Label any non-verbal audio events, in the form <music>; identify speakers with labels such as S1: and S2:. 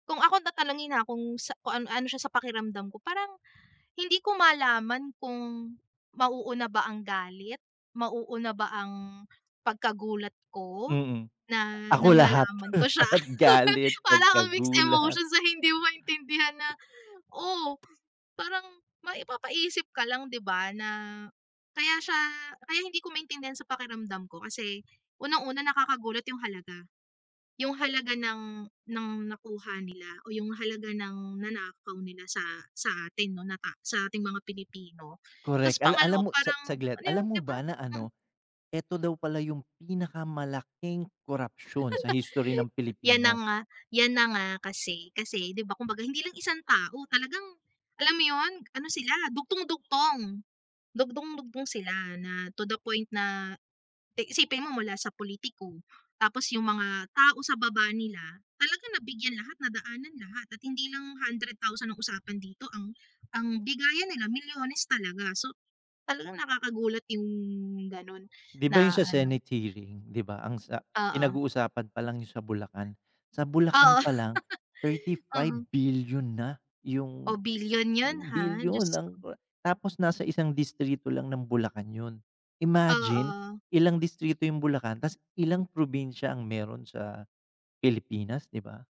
S1: Kung ako tatanungin, ha, kung sa kung ano ano siya sa pakiramdam ko, parang hindi ko malaman kung mauuna ba ang galit, mauuna ba ang pagkagulat ko,
S2: Mm.
S1: na
S2: Ako
S1: nang
S2: lahat.
S1: nalaman ko siya.
S2: <chuckles>
S1: <chuckles>
S2: Galit,
S1: Para bang mixed
S2: pagkagulat.
S1: emotion na hindi mo maintindihan na, oh, parang maipapaisip ka lang, 'di ba, na kaya siya kaya hindi ko maintindihan sa pakiramdam ko kasi unang-una nakakagulat 'yung halaga, 'yung halaga ng ng nakuha nila, o 'yung halaga ng nanakaw nila sa sa atin 'no, na ta sa ating mga Pilipino. Tas
S2: Correct. Ala
S1: pangalawa
S2: alam mo sa
S1: parang,
S2: saglit,
S1: ano yun,
S2: alam
S1: 'di
S2: mo
S1: ba?
S2: ba na
S1: Mm.
S2: ano, ito daw pala 'yung pinakamalaking korapsyon sa history ng
S1: <chuckles> 'Yan na
S2: Pilipinas.
S1: nga 'yan na nga, kasi kasi, 'di ba, kumbaga hindi lang isang tao talagang, alam mo 'yun, ano sila, dugtung-dugtong, dugtung-dugtong sila na to the point na eh, isipin mo mula sa politiko, tapos 'yung mga tao sa baba nila, talaga nabigyan lahat na daanan lahat at hindi lang 100,000 ang usapan dito ang ang bigayan nila milyones talaga. So, talagang nakakagulat 'yung gano'n
S2: 'Di ba 'yun
S1: na
S2: sa
S1: ano.
S2: senate hearing, 'di ba, ang sa
S1: Oo.
S2: pinag-uusapan palang do'n sa Bulacan. Sa Bulacan
S1: Oo.
S2: palang thirty
S1: <chuckles>
S2: five
S1: Mm.
S2: bilyon na
S1: Oh,
S2: 'yung
S1: bilyon 'yun, ha, Diyos
S2: bilyon ang
S1: ko.
S2: kora tapos nasa isang distrito lang ng Bulacan 'yun. Imagine,
S1: Oo.
S2: ilang distrito 'yung Bulacan, tas ilang probinsya ang meron sa Pilipinas, 'di ba?